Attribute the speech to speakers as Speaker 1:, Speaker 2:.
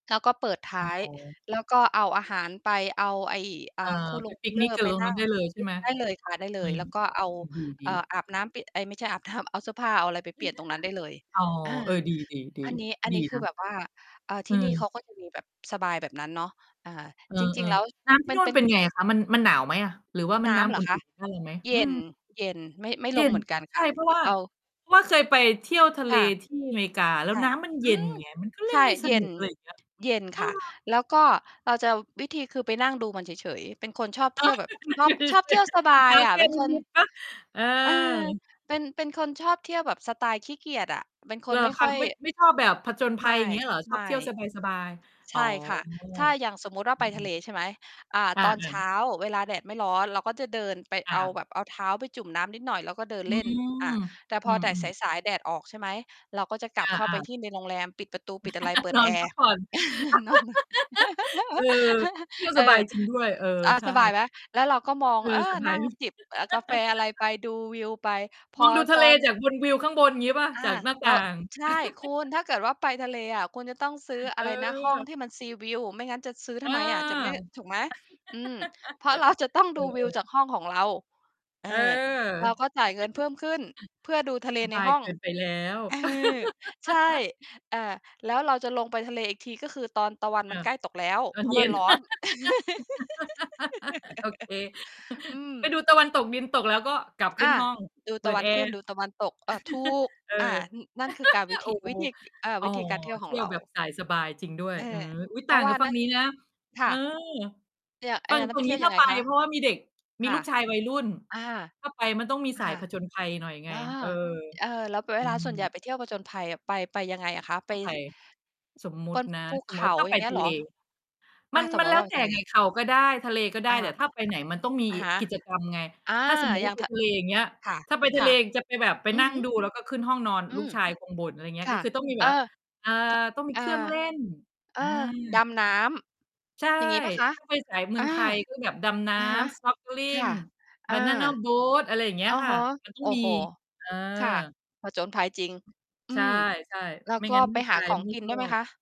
Speaker 1: เขาก็เปิดท
Speaker 2: ต
Speaker 1: ้
Speaker 2: ้
Speaker 1: า
Speaker 2: อง
Speaker 1: ย
Speaker 2: เอา
Speaker 1: แล้วก็เอาอาหารไป เอาไอ้
Speaker 2: เ
Speaker 1: อ
Speaker 2: อ
Speaker 1: ่า
Speaker 2: ่อ
Speaker 1: คูล
Speaker 2: ไป
Speaker 1: ง
Speaker 2: ป
Speaker 1: คู
Speaker 2: ิ
Speaker 1: ล
Speaker 2: ก
Speaker 1: เล
Speaker 2: น
Speaker 1: อ
Speaker 2: ิก
Speaker 1: ร์
Speaker 2: กั
Speaker 1: ไ
Speaker 2: บ
Speaker 1: ป
Speaker 2: ลง
Speaker 1: นั
Speaker 2: น
Speaker 1: ่
Speaker 2: ้
Speaker 1: ง
Speaker 2: ำได้เลยใช่ไหม?
Speaker 1: ได้เลยค่ะ ได้เล
Speaker 2: อื
Speaker 1: ย
Speaker 2: ม
Speaker 1: แล้วก็เอา
Speaker 2: อื้อฮือ ด
Speaker 1: เอ่
Speaker 2: ี
Speaker 1: อ
Speaker 2: ๆ
Speaker 1: อาบน้ำเปลี่ยน เอ๊ย ไม่ใช่อาบน้ำ เอาเสื้อผ้าเอาอะไรไปเปลี่ยนตรงนั้นได้เลย
Speaker 2: อ๋อ
Speaker 1: อา
Speaker 2: เออ ดี ๆ ๆ
Speaker 1: อันนี้ อัน
Speaker 2: ดี
Speaker 1: นี้ค
Speaker 2: น
Speaker 1: ือแบ
Speaker 2: ะ
Speaker 1: บว่า อ่า
Speaker 2: อ
Speaker 1: ที่นี่เ
Speaker 2: ื
Speaker 1: ข
Speaker 2: ม
Speaker 1: าก็จะมีแบบสบายแบบนั้นเนาะ อ่า
Speaker 2: เออ
Speaker 1: จริง ๆ แล้ว
Speaker 2: ๆ น้ำที่
Speaker 1: มั
Speaker 2: น
Speaker 1: น
Speaker 2: ู่
Speaker 1: เป
Speaker 2: น
Speaker 1: ็
Speaker 2: เ
Speaker 1: น
Speaker 2: ป็นไงอะคะ? มัน มันหนาวมั้ยอะ? หรือว่ามั
Speaker 1: น
Speaker 2: น
Speaker 1: ้
Speaker 2: น้
Speaker 1: ำเ
Speaker 2: ำ
Speaker 1: หร
Speaker 2: อุ
Speaker 1: อคะ?
Speaker 2: ่น ๆ ได้เลยไหม?
Speaker 1: เย
Speaker 2: อื
Speaker 1: ็
Speaker 2: ม
Speaker 1: น เย็น ไม่ ไม่
Speaker 2: เย
Speaker 1: ล
Speaker 2: ็
Speaker 1: ง
Speaker 2: น
Speaker 1: เหมือนกัน
Speaker 2: ใ
Speaker 1: ค
Speaker 2: ช่
Speaker 1: ่ะ
Speaker 2: เพราะว่า
Speaker 1: เอา
Speaker 2: เพราะว่าเคยไปเที่ยวทะเ
Speaker 1: ค
Speaker 2: ล
Speaker 1: ่ะ
Speaker 2: ที่ อเมริกาแล้ว
Speaker 1: ค่ะ
Speaker 2: น้ำมันเ
Speaker 1: อ
Speaker 2: ย็
Speaker 1: ื
Speaker 2: น
Speaker 1: ม
Speaker 2: ไง มันก็เล
Speaker 1: ใ
Speaker 2: ่
Speaker 1: ช
Speaker 2: น
Speaker 1: ่
Speaker 2: ไม่ส
Speaker 1: เย
Speaker 2: น
Speaker 1: ็
Speaker 2: ุ
Speaker 1: น
Speaker 2: ก อะไรอย่างเงี้ย
Speaker 1: เย็น
Speaker 2: เออ
Speaker 1: ค่ะ แล้วก็เราจะ วิธีคือไปนั่งดูมันเฉย ๆ เป็นคนชอบเ
Speaker 2: อ
Speaker 1: ท
Speaker 2: ๋อ
Speaker 1: ี่ยวแบ
Speaker 2: ค
Speaker 1: บ
Speaker 2: ือมั
Speaker 1: ล
Speaker 2: น
Speaker 1: อ
Speaker 2: เย
Speaker 1: บ
Speaker 2: ็นอะ
Speaker 1: ชอบ
Speaker 2: ส
Speaker 1: เท
Speaker 2: ิ
Speaker 1: ี่ยวส
Speaker 2: เ
Speaker 1: บ
Speaker 2: อ
Speaker 1: า
Speaker 2: าเท
Speaker 1: ย
Speaker 2: ้า
Speaker 1: อะ
Speaker 2: แช
Speaker 1: เ
Speaker 2: ่
Speaker 1: ป็น
Speaker 2: น
Speaker 1: คน
Speaker 2: ิด ๆ เปล่า? เออ
Speaker 1: เออ เป็น เป็นคนชอบเที่ยวแบบสไตล์ขี้เกียจอะ เป็นค
Speaker 2: เหร
Speaker 1: น
Speaker 2: อ
Speaker 1: ไม่
Speaker 2: ค
Speaker 1: ค
Speaker 2: ะ?
Speaker 1: ่อย
Speaker 2: ไม่ ไม่ชอบแบบผจญภ
Speaker 1: ไ
Speaker 2: ั
Speaker 1: ม
Speaker 2: ย
Speaker 1: ่
Speaker 2: เงี้ยเหรอ? ชอ
Speaker 1: ไม
Speaker 2: บเท
Speaker 1: ่
Speaker 2: ี่ยวสบาย ๆ
Speaker 1: ใ
Speaker 2: อ
Speaker 1: ช
Speaker 2: ๋อ
Speaker 1: ่ค่ะ ถ้าอย่างสมมุติว่า
Speaker 2: อื
Speaker 1: ไปทะเ
Speaker 2: อ
Speaker 1: ล
Speaker 2: ๆ
Speaker 1: ใช่ไหม อ่า
Speaker 2: อา
Speaker 1: ตอน
Speaker 2: เอ
Speaker 1: เช
Speaker 2: อ
Speaker 1: ้าเวลาแดดไม่ร้อน เราก็จะเดินไป
Speaker 2: อ
Speaker 1: เอา
Speaker 2: า
Speaker 1: แบบ เอาเท้าไปจุ่มน้ำนิดหน่อย แล้วก็เดิน
Speaker 2: อื
Speaker 1: เล่น อ
Speaker 2: ม
Speaker 1: ่า แต่พ
Speaker 2: อื
Speaker 1: อแดด ส
Speaker 2: ม ๆ
Speaker 1: าย ๆ แดดออก ใช่ไหม เราก็จะกล
Speaker 2: อ
Speaker 1: ับเข้าไป
Speaker 2: า ๆ
Speaker 1: ที่ในโรงแรม ปิดประตูปิดอะไร เปิด
Speaker 2: นอ
Speaker 1: แอ
Speaker 2: นพ
Speaker 1: ร
Speaker 2: ัก
Speaker 1: ์
Speaker 2: ผ่อน
Speaker 1: นอนน่ะ
Speaker 2: เออ เที่ยว
Speaker 1: เ
Speaker 2: ส
Speaker 1: อ
Speaker 2: บา
Speaker 1: อ
Speaker 2: ยจริงด้วย เออ
Speaker 1: อา
Speaker 2: ใช่
Speaker 1: สบายไหม? แล้วเราก็มอง
Speaker 2: เอ
Speaker 1: เอ
Speaker 2: อ
Speaker 1: อ
Speaker 2: เซอร์ไพร
Speaker 1: นั่ง
Speaker 2: ส์
Speaker 1: จิบ เอ่อ กาแฟอะไรไป ดูวิวไป พ
Speaker 2: ม
Speaker 1: อ
Speaker 2: องดูท
Speaker 1: ต
Speaker 2: ะเล
Speaker 1: อน
Speaker 2: จากบน วิวข้างบน งี้เปล่า?
Speaker 1: อา
Speaker 2: จากหน้า
Speaker 1: เร
Speaker 2: ต
Speaker 1: า
Speaker 2: ่าง
Speaker 1: ใช่ คุณ ถ้าเกิดว่าไปทะเลอะ คุณจะต้องซื้อ อ
Speaker 2: เ
Speaker 1: ะไรนะ ห้อง
Speaker 2: ออ
Speaker 1: ที่มัน seaview ไม่งั้นจะซื้อท
Speaker 2: อา
Speaker 1: ำไมอะ? จะไม่ ถูกไหม? อืม เพราะ เรา จะต้อง
Speaker 2: เอ
Speaker 1: ดูวิว
Speaker 2: อ ๆ
Speaker 1: จากห้องของเรา เออ
Speaker 2: เออ
Speaker 1: เราก็จ่ายเงินเพิ่มขึ้น เพื่อดูทะเล
Speaker 2: ส
Speaker 1: ใ
Speaker 2: บ
Speaker 1: น
Speaker 2: า
Speaker 1: ห
Speaker 2: ย
Speaker 1: ้อ
Speaker 2: เ
Speaker 1: ง
Speaker 2: กินไปแล้ว
Speaker 1: เออ ใช่ อ่า แล้วเราจะลงไปทะเลอีกที ก็คือตอนตะวัน
Speaker 2: เก
Speaker 1: ม
Speaker 2: ื
Speaker 1: ัน
Speaker 2: อ
Speaker 1: ใ
Speaker 2: บ
Speaker 1: กล้ตกแล้ว
Speaker 2: ตอ
Speaker 1: เพ
Speaker 2: น
Speaker 1: ราะ
Speaker 2: เย
Speaker 1: ม
Speaker 2: ็
Speaker 1: ัน
Speaker 2: น
Speaker 1: ร้อน
Speaker 2: โอเค
Speaker 1: อื
Speaker 2: ไป
Speaker 1: ม
Speaker 2: ดูตะวันตกดิน ตกแล้วก็กลับข
Speaker 1: อ
Speaker 2: ึ้น
Speaker 1: า
Speaker 2: ห้อง
Speaker 1: ดู
Speaker 2: เป
Speaker 1: ต
Speaker 2: ิ
Speaker 1: ะว
Speaker 2: ด
Speaker 1: ั
Speaker 2: แ
Speaker 1: น
Speaker 2: อ
Speaker 1: ขึ
Speaker 2: ร
Speaker 1: ้น
Speaker 2: ์
Speaker 1: ดูตะวันตก เออ ถูก
Speaker 2: เอ
Speaker 1: อ่า
Speaker 2: อ
Speaker 1: อ นั่นคือการวิ
Speaker 2: โ
Speaker 1: ธ
Speaker 2: อ
Speaker 1: ี
Speaker 2: ้โฮ
Speaker 1: วิธี อ อา
Speaker 2: อ่
Speaker 1: ว
Speaker 2: อ
Speaker 1: ิธีการเที่ยวข
Speaker 2: เท
Speaker 1: อง
Speaker 2: ี่
Speaker 1: เ
Speaker 2: ย
Speaker 1: ร
Speaker 2: ว
Speaker 1: า
Speaker 2: แบบสายสบายจริงด้ว
Speaker 1: เ
Speaker 2: ย
Speaker 1: ออ
Speaker 2: อืม อุ๊ย
Speaker 1: เพ
Speaker 2: ต
Speaker 1: ร
Speaker 2: ่
Speaker 1: า
Speaker 2: า
Speaker 1: ะ
Speaker 2: ง
Speaker 1: ว่
Speaker 2: ก
Speaker 1: า
Speaker 2: ับฝั
Speaker 1: น
Speaker 2: ่
Speaker 1: ั่
Speaker 2: ง
Speaker 1: น
Speaker 2: นี้นะ
Speaker 1: ค
Speaker 2: เ
Speaker 1: ่
Speaker 2: อ
Speaker 1: ะ
Speaker 2: อ
Speaker 1: เนี่ย ไอ้
Speaker 2: ฝั่
Speaker 1: อย
Speaker 2: ง
Speaker 1: ่างนั้
Speaker 2: ฝ
Speaker 1: น
Speaker 2: ั
Speaker 1: ไ
Speaker 2: ่
Speaker 1: ป
Speaker 2: ง
Speaker 1: เท
Speaker 2: น
Speaker 1: ี
Speaker 2: ี
Speaker 1: ่ย
Speaker 2: ้
Speaker 1: ว
Speaker 2: ถ
Speaker 1: ย
Speaker 2: ้
Speaker 1: ั
Speaker 2: า
Speaker 1: งไง
Speaker 2: ไป
Speaker 1: คะ?
Speaker 2: อะ เพราะว่ามีเด็ก มี
Speaker 1: ค่
Speaker 2: ล
Speaker 1: ะ
Speaker 2: ูกชายวัยรุ่น
Speaker 1: อา
Speaker 2: ถ้าไปมันต้องมีส
Speaker 1: ค
Speaker 2: าย
Speaker 1: ่ะ
Speaker 2: ผจญภัยหน่อยไง
Speaker 1: อา
Speaker 2: เออ
Speaker 1: เอ่อ แล้วเ
Speaker 2: อ
Speaker 1: ว
Speaker 2: ื
Speaker 1: ลาส่วนให
Speaker 2: ม
Speaker 1: ญ่ไปเที่ยวผจญภัยอะ ไป ไปยังไงอะคะ? ไป
Speaker 2: ถ้าไป
Speaker 1: ท
Speaker 2: สมมุ
Speaker 1: ป
Speaker 2: ติ
Speaker 1: น
Speaker 2: นะ
Speaker 1: ภู
Speaker 2: ส
Speaker 1: เ
Speaker 2: ม
Speaker 1: ข
Speaker 2: มุติว่
Speaker 1: า
Speaker 2: าถ้า
Speaker 1: อ
Speaker 2: ไ
Speaker 1: ย
Speaker 2: ป
Speaker 1: ่างเงี้
Speaker 2: ท
Speaker 1: ยเ
Speaker 2: ะ
Speaker 1: ห
Speaker 2: เ
Speaker 1: ร
Speaker 2: ล
Speaker 1: อ?
Speaker 2: ม
Speaker 1: อ
Speaker 2: ั
Speaker 1: ะ
Speaker 2: น
Speaker 1: ส
Speaker 2: ม
Speaker 1: ม
Speaker 2: ั
Speaker 1: ม
Speaker 2: น
Speaker 1: ต
Speaker 2: แ
Speaker 1: ิ
Speaker 2: ล
Speaker 1: ว
Speaker 2: ้
Speaker 1: ่
Speaker 2: ว
Speaker 1: าเป
Speaker 2: แ
Speaker 1: ็น
Speaker 2: ต่
Speaker 1: ทะเล
Speaker 2: ไง เขาก็ได้ ทะเลก็ได
Speaker 1: อ
Speaker 2: ้
Speaker 1: า
Speaker 2: แต่ถ้าไปไหนมันต้องมี
Speaker 1: อะฮะ
Speaker 2: กิจกรรมไง
Speaker 1: อา
Speaker 2: ถ้า สมมุต
Speaker 1: อ
Speaker 2: ิ
Speaker 1: ย
Speaker 2: ว
Speaker 1: ่
Speaker 2: ่
Speaker 1: า
Speaker 2: า
Speaker 1: ง
Speaker 2: ไป
Speaker 1: ท
Speaker 2: ทะเล อย่างเงี้ย
Speaker 1: ค่ะ
Speaker 2: ถ้าไปท
Speaker 1: ค
Speaker 2: ะเ
Speaker 1: ่
Speaker 2: ล
Speaker 1: ะ
Speaker 2: อะจะไปแบบ ไป
Speaker 1: อือ
Speaker 2: นั่
Speaker 1: ฮ
Speaker 2: ง
Speaker 1: ึ
Speaker 2: ดูแล้วก็ขึ้นห้องนอน
Speaker 1: อื
Speaker 2: ลูก
Speaker 1: ม
Speaker 2: ชายคงบ่น อะไรเงี้ย
Speaker 1: ค
Speaker 2: ก
Speaker 1: ่
Speaker 2: ็
Speaker 1: ะ
Speaker 2: คือต้องมี
Speaker 1: เ
Speaker 2: แ
Speaker 1: อ
Speaker 2: บบห
Speaker 1: อ
Speaker 2: วา อ่า
Speaker 1: ท
Speaker 2: ต้องมี
Speaker 1: อา
Speaker 2: เครื่องเล่น
Speaker 1: เออ
Speaker 2: อา
Speaker 1: ดำน้
Speaker 2: ใช่
Speaker 1: ำ อย่างงี้เปล่าคะ?
Speaker 2: ถ้า ไปสายเมื
Speaker 1: อ
Speaker 2: อ
Speaker 1: า
Speaker 2: งไทย ก็แบบดำน้
Speaker 1: อะฮะ
Speaker 2: ำ
Speaker 1: ค่
Speaker 2: Snorkeling
Speaker 1: ะ อ
Speaker 2: บ
Speaker 1: า
Speaker 2: านานาโบต อะไรอย่างเงี้
Speaker 1: อ
Speaker 2: ย
Speaker 1: ะ
Speaker 2: ค่
Speaker 1: ฮ
Speaker 2: ะ
Speaker 1: ะ
Speaker 2: มันต้
Speaker 1: โ
Speaker 2: อ
Speaker 1: อ
Speaker 2: ง
Speaker 1: ้
Speaker 2: มี
Speaker 1: โฮ
Speaker 2: เอ
Speaker 1: ค่ะ
Speaker 2: อ
Speaker 1: ผจญภัยจริง อื
Speaker 2: ใช
Speaker 1: ม
Speaker 2: ่
Speaker 1: แล้
Speaker 2: ๆ
Speaker 1: ว
Speaker 2: ไม่
Speaker 1: ก็
Speaker 2: งั้น
Speaker 1: ไป
Speaker 2: ลูก
Speaker 1: หา
Speaker 2: ชา
Speaker 1: ข
Speaker 2: ย
Speaker 1: อง
Speaker 2: ไม่
Speaker 1: กิน
Speaker 2: ช
Speaker 1: ด้
Speaker 2: อ
Speaker 1: วยไหม
Speaker 2: บ
Speaker 1: คะ?